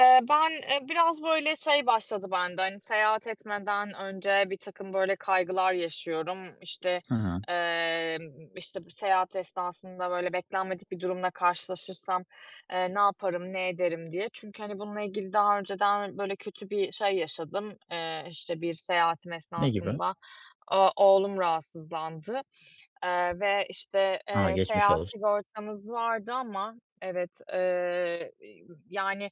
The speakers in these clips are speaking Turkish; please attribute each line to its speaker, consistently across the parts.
Speaker 1: Eee, ben, eee, biraz, böyle, şey başladı bende; hani, seyahat etmeden önce birtakım, böyle, kaygılar yaşıyorum. İşte,
Speaker 2: Hı hı.
Speaker 1: eee, işte, bir seyahat esnasında, böyle, beklenmedik bir durumla karşılaşırsam, eee, ne yaparım, ne ederim, diye. Çünkü, hani, bununla ilgili daha önceden, böyle, kötü bir şey yaşadım, eee, işte, bir seyahatim
Speaker 2: Ne gibi?
Speaker 1: esnasında. O oğlum rahatsızlandı eee, ve, işte,
Speaker 2: A!
Speaker 1: eee,
Speaker 2: Geçmiş
Speaker 1: seyahat
Speaker 2: olsun.
Speaker 1: sigortamız vardı ama Evet, eee, yani,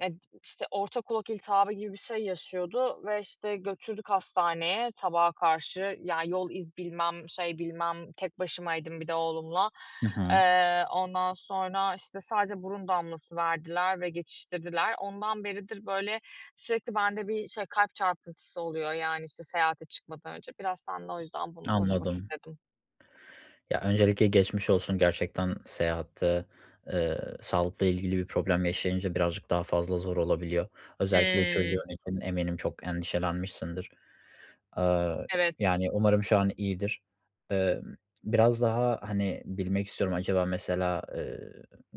Speaker 1: eee, işte, orta kulak iltihabı gibi bir şey yaşıyordu ve, işte, götürdük hastaneye, sabaha karşı. Ya, yol iz bilmem, şey bilmem, tek başımaydım bir de oğlumla.
Speaker 2: Hı hı.
Speaker 1: Eee, ondan sonra, işte, sadece burun damlası verdiler ve geçiştirdiler. Ondan beridir, böyle, sürekli bende bir şey, kalp çarpıntısı oluyor, yani, işte, seyahate çıkmadan önce. Biraz senle o yüzden bunu konuşmak
Speaker 2: Anladım.
Speaker 1: istedim.
Speaker 2: Ya, öncelikle geçmiş olsun gerçekten. Seyahatte, eee, sağlıkla ilgili bir problem yaşayınca birazcık daha fazla zor olabiliyor. Özellikle
Speaker 1: Eee
Speaker 2: çocuğun için eminim çok endişelenmişsindir. Aaa,
Speaker 1: Evet.
Speaker 2: yani, umarım şu an iyidir. Emm, biraz daha, hani, bilmek istiyorum; acaba mesela, eee,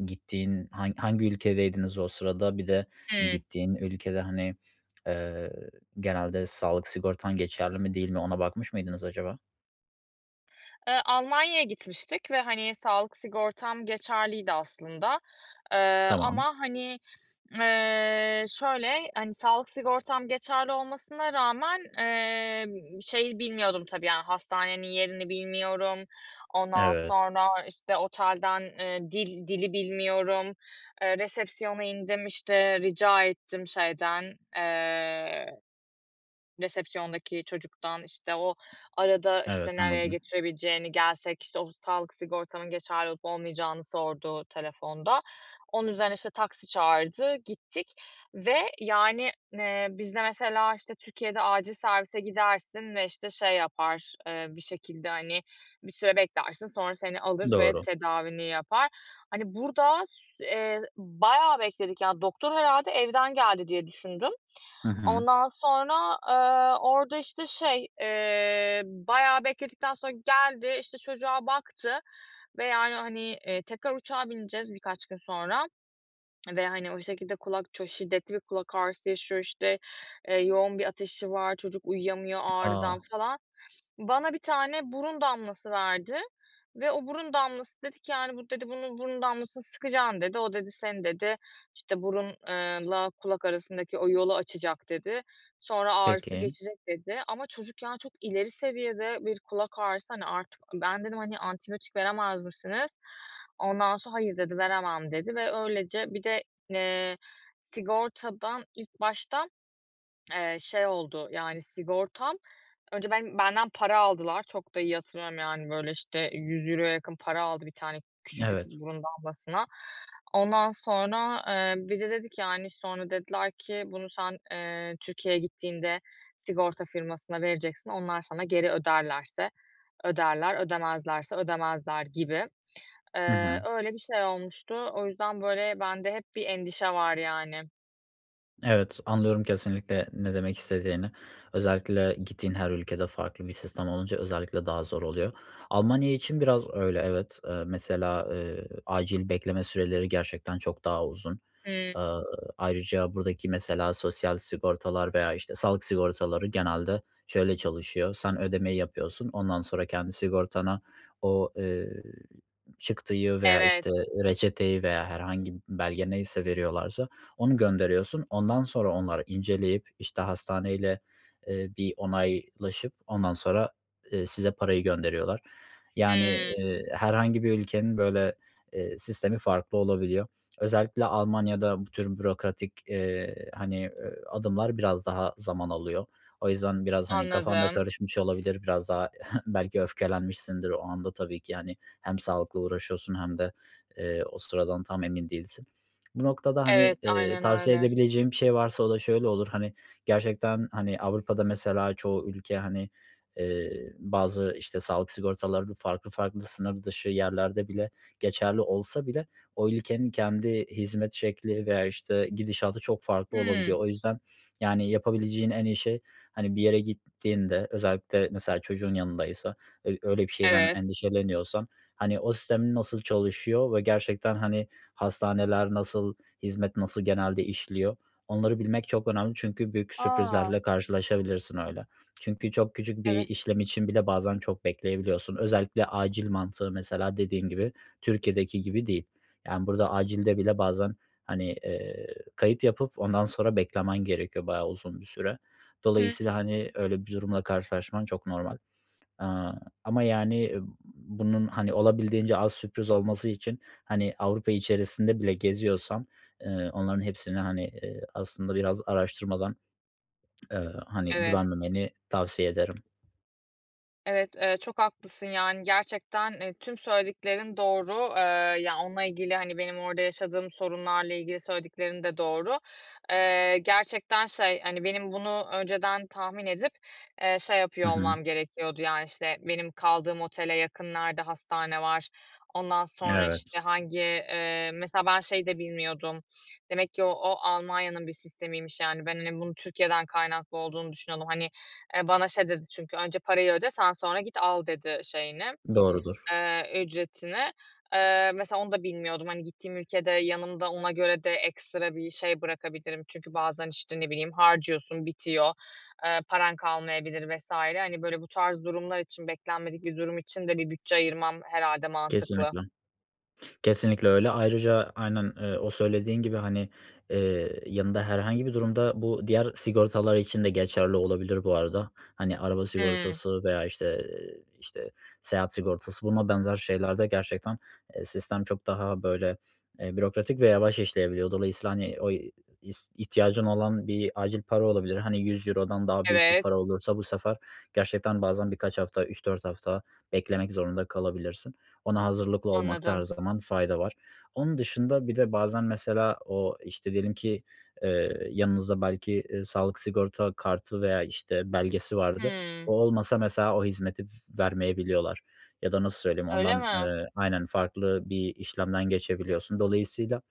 Speaker 2: gittiğin han hangi ülkedeydiniz o sırada? Bir de
Speaker 1: Eee
Speaker 2: gittiğin ülkede, hani, eee, genelde sağlık sigortan geçerli mi, değil mi? Ona bakmış mıydınız acaba?
Speaker 1: Eee, Almanya'ya gitmiştik ve, hani, sağlık sigortam geçerliydi aslında. Eee,
Speaker 2: Tamam.
Speaker 1: ama, hani, eee, şöyle, hani, sağlık sigortam geçerli olmasına rağmen, eee, şeyi bilmiyordum tabii; yani, hastanenin yerini bilmiyorum. Ondan
Speaker 2: Evet.
Speaker 1: sonra, işte, otelden, eee, dil dili bilmiyorum. Eee, resepsiyona indim, işte, rica ettim şeyden, eee, resepsiyondaki çocuktan, işte, o arada,
Speaker 2: Evet,
Speaker 1: işte, nereye
Speaker 2: anladım.
Speaker 1: götürebileceğini... Gelsek, işte, o sağlık sigortamın geçerli olup olmayacağını sordu telefonda. Onun üzerine, işte, taksi çağırdı, gittik ve, yani, eee, bizde mesela, işte, Türkiye'de acil servise gidersin ve, işte, şey yapar, eee, bir şekilde, hani, bir süre beklersin, sonra seni alır ve
Speaker 2: Doğru.
Speaker 1: tedavini yapar. Hani, burada ss eee, bayağı bekledik, ya. Doktor herhalde evden geldi diye düşündüm.
Speaker 2: Hı hı.
Speaker 1: Ondan sonra, ııı, orada, işte, şey, eee, bayağı bekledikten sonra geldi, işte, çocuğa baktı ve, yani, hani, eee, tekrar uçağa bineceğiz birkaç gün sonra ve, hani, o şekilde kulak çok şiddetli bir kulak ağrısı yaşıyor. İşte, eee, yoğun bir ateşi var. Çocuk uyuyamıyor ağrıdan
Speaker 2: A!
Speaker 1: falan... Bana 1 tane burun damlası verdi ve o burun damlası dedi ki, yani, "Bu," dedi, "bunun burun damlasını sıkacaksın." dedi. "O," dedi, "seni," dedi, işte, "burun eee la kulak arasındaki o yolu açacak." dedi. "Sonra ağrısı
Speaker 2: Peki.
Speaker 1: geçecek." dedi. Ama çocuk, yani, çok ileri seviyede bir kulak ağrısı, hani, artık ben dedim, hani, "Antibiyotik veremez misiniz?" Ondan sonra, "Hayır." dedi. "Veremem." dedi ve öylece bir de, eee, sigortadan ilk başta, eee, şey oldu, yani, sigortam önce ben benden para aldılar. Çok da iyi hatırlıyorum. Yani, böyle, işte, €100 yakın para aldı 1 tane küçücük
Speaker 2: Evet.
Speaker 1: burun damlasına. Ondan sonra, eee, bir de dedi ki, yani, sonra dediler ki, "Bunu sen, eee, Türkiye'ye gittiğinde sigorta firmasına vereceksin, onlar sana geri öderlerse öderler, ödemezlerse ödemezler." gibi.
Speaker 2: Hı
Speaker 1: Eee,
Speaker 2: hı.
Speaker 1: öyle bir şey olmuştu. O yüzden, böyle, bende hep bir endişe var, yani.
Speaker 2: Evet, anlıyorum kesinlikle ne demek istediğini. Özellikle gittiğin her ülkede farklı bir sistem olunca özellikle daha zor oluyor. Almanya için biraz öyle evet, eee, mesela, eee, acil bekleme süreleri gerçekten çok daha uzun.
Speaker 1: Hıı.
Speaker 2: Aaa, ayrıca buradaki mesela sosyal sigortalar veya, işte, sağlık sigortaları genelde şöyle çalışıyor: Sen ödemeyi yapıyorsun, ondan sonra kendi sigortanı o, eee, çıktıyı veya,
Speaker 1: Evet.
Speaker 2: işte, reçeteyi veya herhangi belge neyse veriyorlarsa onu gönderiyorsun. Ondan sonra onları inceleyip, işte, hastaneyle, eee, bir onaylaşıp ondan sonra, eee, size parayı gönderiyorlar. Yani,
Speaker 1: Hıı.
Speaker 2: eee, herhangi bir ülkenin böyle, eee, sistemi farklı olabiliyor. Özellikle Almanya'da bu tür bürokratik, eee, hani, eee, adımlar biraz daha zaman alıyor. O yüzden biraz, hani, kafan da
Speaker 1: Anladım.
Speaker 2: karışmış olabilir. Biraz daha belki öfkelenmişsindir o anda tabii ki, hani, hem sağlıkla uğraşıyorsun hem de, eee, o sıradan tam emin değilsin. Bu noktada, hani,
Speaker 1: Evet,
Speaker 2: eee,
Speaker 1: aynen
Speaker 2: tavsiye
Speaker 1: öyle.
Speaker 2: edebileceğim bir şey varsa o da şöyle olur, hani, gerçekten, hani, Avrupa'da mesela çoğu ülke, hani, eee, bazı, işte, sağlık sigortaları farklı farklı sınır dışı yerlerde bile geçerli olsa bile o ülkenin kendi hizmet şekli veya, işte, gidişatı çok farklı
Speaker 1: Hıı.
Speaker 2: olabiliyor. O yüzden, yani, yapabileceğin en iyi şey, hani, bir yere gittiğinde özellikle mesela çocuğun yanındaysa öy öyle bir şeyden
Speaker 1: Evet.
Speaker 2: endişeleniyorsan, hani, o sistemin nasıl çalışıyor ve gerçekten, hani, hastaneler nasıl hizmet nasıl genelde işliyor, onları bilmek çok önemli çünkü büyük
Speaker 1: A!
Speaker 2: sürprizlerle karşılaşabilirsin öyle. Çünkü çok küçük bir
Speaker 1: Evet.
Speaker 2: işlem için bile bazen çok bekleyebiliyorsun. Özellikle acil mantığı mesela, dediğin gibi, Türkiye'deki gibi değil yani burada acilde bile bazen, hani, eee, kayıt yapıp ondan sonra beklemen gerekiyor bayağı uzun bir süre.
Speaker 1: Hıı.
Speaker 2: Dolayısıyla, hani, öyle bir durumla karşılaşman çok normal. Aaa, ama, yani, bunun, hani, olabildiğince az sürpriz olması için, hani, Avrupa içerisinde bile geziyorsan, eee, onların hepsini, hani, eee, aslında biraz araştırmadan eee, hani,
Speaker 1: Evet.
Speaker 2: güvenmemeni tavsiye ederim.
Speaker 1: Evet. Eee, çok haklısın, yani, gerçekten, eee, tüm söylediklerin doğru. Eee, ya onunla ilgili, hani, benim orada yaşadığım sorunlarla ilgili söylediklerin de doğru. Eee, gerçekten şey, hani, benim bunu önceden tahmin edip, eee, şey
Speaker 2: Hı
Speaker 1: yapıyor
Speaker 2: hı.
Speaker 1: olmam gerekiyordu, yani, işte, benim kaldığım otele yakın nerede hastane var? Ondan sonra,
Speaker 2: Evet.
Speaker 1: işte, hangi eee, mesela ben şeyi de bilmiyordum, demek ki o Almanya'nın bir sistemiymiş, yani. Ben, hani, bunun Türkiye'den kaynaklı olduğunu düşünüyordum. Hani, eee, bana şey dedi çünkü, "Önce parayı öde, sen sonra git, al." dedi, şeyini,
Speaker 2: Doğrudur.
Speaker 1: eee, ücretini. Eee, mesela onu da bilmiyordum. Hani, gittiğim ülkede yanımda ona göre de ekstra bir şey bırakabilirim. Çünkü bazen, işte, ne bileyim, harcıyorsun, bitiyor, eee, paran kalmayabilir vs. Hani, böyle, bu tarz durumlar için, beklenmedik bir durum için de bir bütçe ayırmam herhâlde mantıklı.
Speaker 2: Kesinlikle. Kesinlikle öyle. Ayrıca aynen, eee, o söylediğin gibi, hani, eee, yanında herhangi bir durumda bu diğer sigortalar için de geçerli olabilir bu arada. Hani, araba
Speaker 1: Hıı.
Speaker 2: sigortası veya işte işte, seyahat sigortası buna benzer şeyler de gerçekten, eee, sistem çok daha böyle, eee, bürokratik ve yavaş işleyebiliyor. Dolayısıyla, hani, o is ihtiyacın olan bir acil para olabilir. Hani, €100'dan daha büyük bir
Speaker 1: Evet.
Speaker 2: para olursa bu sefer gerçekten bazen birkaç hafta, 3-4 hafta beklemek zorunda kalabilirsin. Ona hazırlıklı olmakta her
Speaker 1: Anladım.
Speaker 2: zaman fayda var. Onun dışında bir de bazen mesela o, işte, diyelim ki, eee, yanınızda belki, eee, sağlık sigorta kartı veya, işte, belgesi vardı.
Speaker 1: Hıı.
Speaker 2: O olmasa mesela o hizmeti vermeyebiliyorlar ya da nasıl söyleyeyim,
Speaker 1: Öyle
Speaker 2: ondan,
Speaker 1: mi?
Speaker 2: eee Aynen, farklı bir işlemden geçebiliyorsun. Dolayısıyla,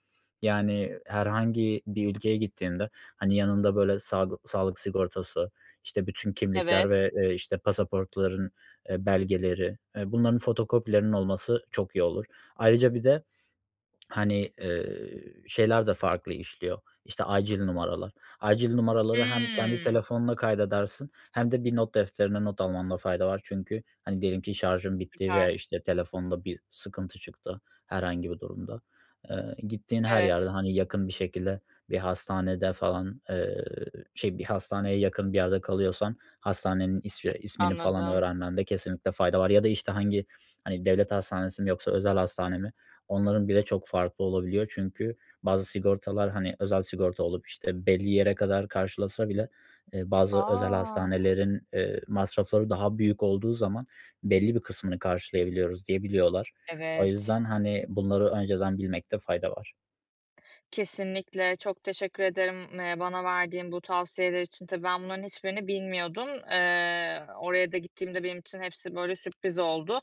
Speaker 2: yani, herhangi bir ülkeye gittiğinde, hani, yanında, böyle, saglı sağlık sigortası, işte, bütün kimlikler
Speaker 1: Evet.
Speaker 2: ve, eee, işte, pasaportların, eee, belgeleri, eee, bunların fotokopilerinin olması çok iyi olur. Ayrıca bir de, hani, eee, şeyler de farklı işliyor, işte, acil numaralar. Acil numaraları hem kendi
Speaker 1: Hıı.
Speaker 2: telefonuna kaydedersin hem de bir not defterine not almanda fayda var. Çünkü, hani, diyelim ki, şarjın bitti veya,
Speaker 1: Süper.
Speaker 2: işte, telefonda bir sıkıntı çıktı herhangi bir durumda. Eee, gittiğin her
Speaker 1: Evet.
Speaker 2: yerde, hani, yakın bir şekilde bir hastanede falan, eee, şey bir hastaneye yakın bir yerde kalıyorsan hastanenin ismi ismini falan
Speaker 1: Anladım.
Speaker 2: öğrenmende kesinlikle fayda var. Ya da, işte, hangi, hani, devlet hastanesi mi yoksa özel hastane mi onların bile çok farklı olabiliyor. Çünkü bazı sigortalar, hani, özel sigorta olup, işte, belli yere kadar karşılasa bile, eee, bazı özel
Speaker 1: A!
Speaker 2: hastanelerin, eee, masrafları daha büyük olduğu zaman "Belli bir kısmını karşılayabiliyoruz." diyebiliyorlar. O
Speaker 1: Evet.
Speaker 2: yüzden, hani, bunları önceden bilmekte fayda var.
Speaker 1: Kesinlikle. Çok teşekkür ederim, eee, bana verdiğin bu tavsiyeler için. Tabii, ben bunların hiçbirini bilmiyordum. Eee, oraya da gittiğimde benim için hepsi, böyle, sürpriz oldu.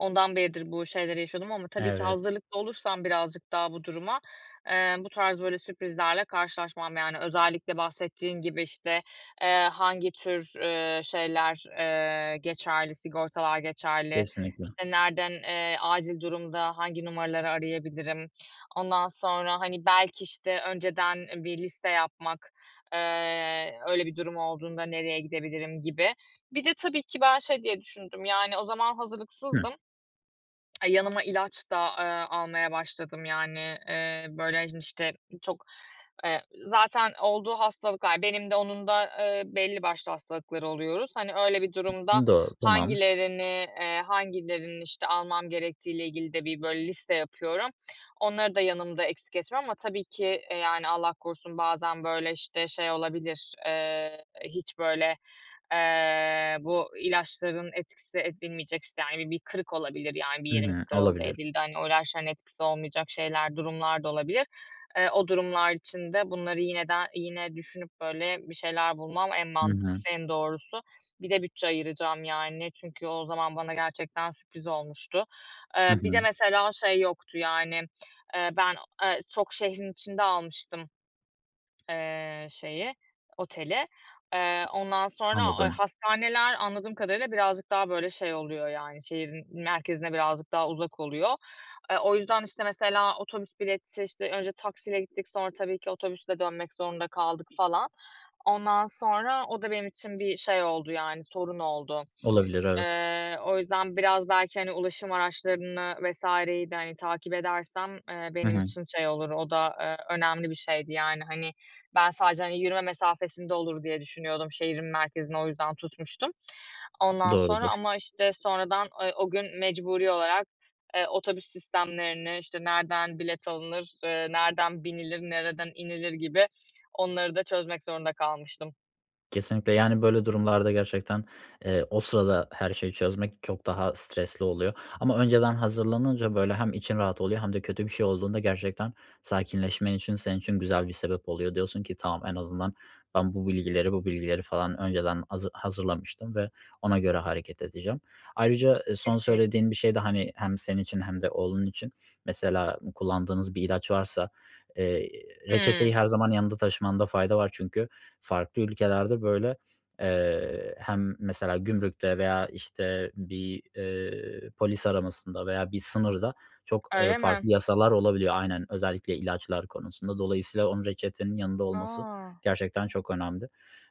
Speaker 1: Ondan beridir bu şeyleri yaşıyordum. Ama tabii ki
Speaker 2: Evet.
Speaker 1: hazırlıklı olursam birazcık daha bu duruma, eee, bu tarz böyle sürprizlerle karşılaşmam. Yani, özellikle bahsettiğin gibi, işte, eee, hangi tür, eee, şeyler, eee, geçerli, sigortalar geçerli?
Speaker 2: Kesinlikle.
Speaker 1: İşte, nerden, eee, acil durumda hangi numaraları arayabilirim? Ondan sonra, hani, belki, işte, önceden bir liste yapmak, eee, öyle bir durum olduğunda nereye gidebilirim gibi. Bir de tabii ki ben, şey diye düşündüm, yani, o zaman
Speaker 2: Hı.
Speaker 1: hazırlıksızdım, yanıma ilaç da, eee, almaya başladım, yani, eee, böyle, hani, işte, çok, eee, zaten olduğu hastalıklar, benim de onun da, eee, belli başlı hastalıkları oluyoruz. Hani, öyle bir durumda
Speaker 2: Doğru, tamam.
Speaker 1: hangilerini eee, hangilerini, işte, almam gerektiğiyle ilgili de bir böyle liste yapıyorum. Onları da yanımda eksik etmem ama tabii ki e, yani, Allah korusun bazen böyle, işte, şey olabilir, eee, hiç böyle, eee, bu ilaçların etkisi edilmeyecek, işte, hani, bir bir kırık olabilir, yani, bir
Speaker 2: Hı
Speaker 1: yerimiz
Speaker 2: hı,
Speaker 1: kırıldı,
Speaker 2: olabilir.
Speaker 1: edildi, hani, o ilaçların etkisi olmayacak şeyler, durumlar da olabilir. Eee, o durumlar için de bunları yine de yine düşünüp böyle bir şeyler bulmam en
Speaker 2: Hı hı.
Speaker 1: mantıklısı, en doğrusu. Bir de bütçe ayıracağım, yani. Çünkü o zaman bana gerçekten sürpriz olmuştu.
Speaker 2: Hı
Speaker 1: Eee, bir de
Speaker 2: hı.
Speaker 1: mesela şey yoktu, yani, eee, ben o eee, çok şehrin içinde almıştım, eee, şeyi, oteli. Eee, ondan sonra, eee,
Speaker 2: Anladım.
Speaker 1: hastaneler anladığım kadarıyla birazcık daha böyle şey oluyor, yani, şehrin merkezine birazcık daha uzak oluyor. Eee, o yüzden, işte, mesela otobüs bileti, işte, önce taksiyle gittik, sonra tabii ki otobüsle dönmek zorunda kaldık falan. Ondan sonra o da benim için bir şey oldu, yani, sorun oldu.
Speaker 2: Olabilir, evet.
Speaker 1: Eee, o yüzden biraz belki, hani, ulaşım araçlarını vs.yi de, hani, takip edersem, eee,
Speaker 2: Hı
Speaker 1: benim
Speaker 2: hı.
Speaker 1: için şey olur, o da, eee, önemli bir şeydi. Yani, hani, ben sadece, hani, yürüme mesafesinde olur diye düşünüyordum şehrin merkezini, o yüzden tutmuştum. Ondan sonra
Speaker 2: Doğrudur.
Speaker 1: ama, işte, sonradan, eee, o gün mecburi olarak, eee, otobüs sistemlerini, işte, nereden bilet alınır, eee nereden binilir, nereden inilir gibi onları da çözmek zorunda kalmıştım.
Speaker 2: Kesinlikle. Yani, böyle durumlarda gerçekten, eee, o sırada her şeyi çözmek çok daha stresli oluyor. Ama önceden hazırlanınca, böyle, hem için rahat oluyor hem de kötü bir şey olduğunda gerçekten sakinleşmen için, senin için güzel bir sebep oluyor. Diyorsun ki "Tamam, en azından ben bu bilgileri bu bilgileri falan önceden hazı hazırlamıştım ve ona göre hareket edeceğim." Ayrıca, eee, son
Speaker 1: Kesinlik
Speaker 2: söylediğin bir şey de, hani, hem senin için hem de oğlun için mesela kullandığınız bir ilaç varsa, eee,
Speaker 1: Hıı.
Speaker 2: reçeteyi her zaman yanında taşımanda fayda var. Çünkü farklı ülkelerde, böyle, eee, hem mesela gümrükte veya, işte, bir, eee, polis aramasında veya bir sınırda çok, eee,
Speaker 1: Öyle
Speaker 2: farklı
Speaker 1: mi?
Speaker 2: yasalar olabiliyor. Aynen. Özellikle ilaçlar konusunda. Dolayısıyla onun, reçetenin yanında olması
Speaker 1: A!
Speaker 2: gerçekten çok önemli.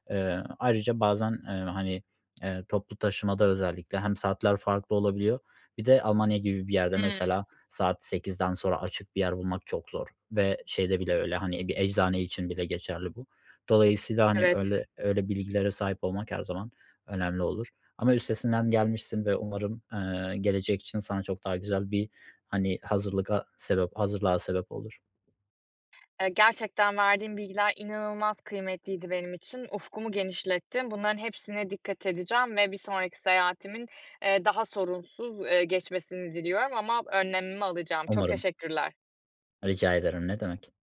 Speaker 2: Eee, ayrıca bazen, eee, hani, eee, toplu taşımada özellikle hem saatler farklı olabiliyor. Bir de Almanya gibi bir yerde
Speaker 1: Hıı.
Speaker 2: mesela, saat 8'den sonra açık bir yer bulmak çok zor. Ve şeyde bile öyle, hani, bir eczane için bile geçerli bu. Dolayısıyla, hani,
Speaker 1: Evet.
Speaker 2: öyle öyle bilgilere sahip olmak her zaman önemli olur. Ama üstesinden gelmişsin ve umarım, eee, gelecek için sana çok daha güzel bir, hani, hazırlıga sebep hazırlığa sebep olur.
Speaker 1: Eee, gerçekten verdiğin bilgiler inanılmaz kıymetliydi benim için. Ufkumu genişlettin. Bunların hepsine dikkat edeceğim ve bir sonraki seyahatimin, eee, daha sorunsuz, eee, geçmesini diliyorum ama önlemimi alacağım. Çok
Speaker 2: Umarım.
Speaker 1: teşekkürler.
Speaker 2: Rica ederim, ne demek.